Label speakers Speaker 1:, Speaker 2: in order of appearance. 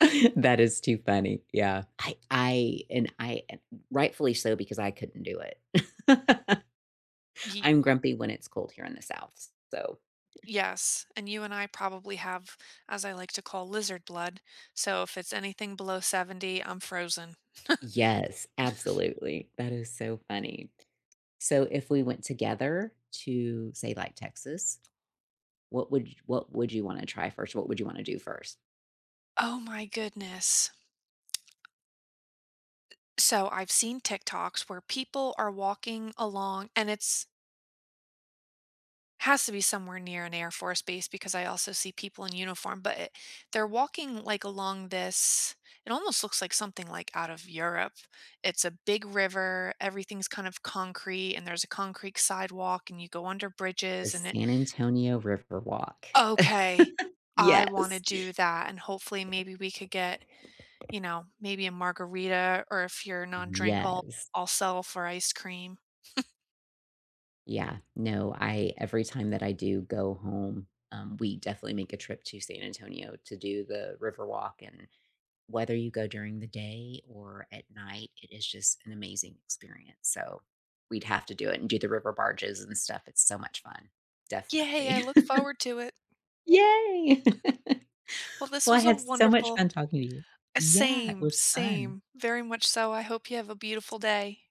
Speaker 1: That is too funny. Yeah. I I and I and rightfully so because I couldn't do it.
Speaker 2: Ye
Speaker 1: I'm grumpy when it's cold here in the South, s so
Speaker 2: Yes. And you and I probably have, as I like to call, lizard blood. So, if it's anything below 70, I'm frozen.
Speaker 1: Yes. Absolutely. That is so funny. So, if we went together to say like Texas, what would y what would you wanna try first? What would you wanna do first?
Speaker 2: Oh my goodness. So, I've seen TikToks where people are walking along, and it's has to be somewhere near an Air Force base because I also see people in uniform, but it they're walking, like, along this it almost looks like something, like, out of Europe. It's a big river. Everything's kind of concrete, and there's a concrete sidewalk, and you go under
Speaker 1: The
Speaker 2: bridges, and it
Speaker 1: San Antonio River walk.
Speaker 2: Okay, I wanna
Speaker 1: Yes.
Speaker 2: do that. And, hopefully, maybe we could get, you know, maybe a margarita or if you're non-drink, I'll
Speaker 1: Yes.
Speaker 2: I'll settle for ice cream.
Speaker 1: Yeah. No, I every time that I do go home, um, we definitely make a trip to San Antonio to do the River Walk and whether you go during the day or at night, it is just an amazing experience, so we'd have to do it and do the river barges and stuff, it's so much fun.
Speaker 2: Yay. I
Speaker 1: Definitely.
Speaker 2: look forward to it.
Speaker 1: Yay!
Speaker 2: Well, this
Speaker 1: Well, I
Speaker 2: was a
Speaker 1: had so much
Speaker 2: wonderful
Speaker 1: fun talking to you.
Speaker 2: Uh,
Speaker 1: Yeah. It
Speaker 2: same.
Speaker 1: was fun.
Speaker 2: Same. Very much so. I hope you have a beautiful day.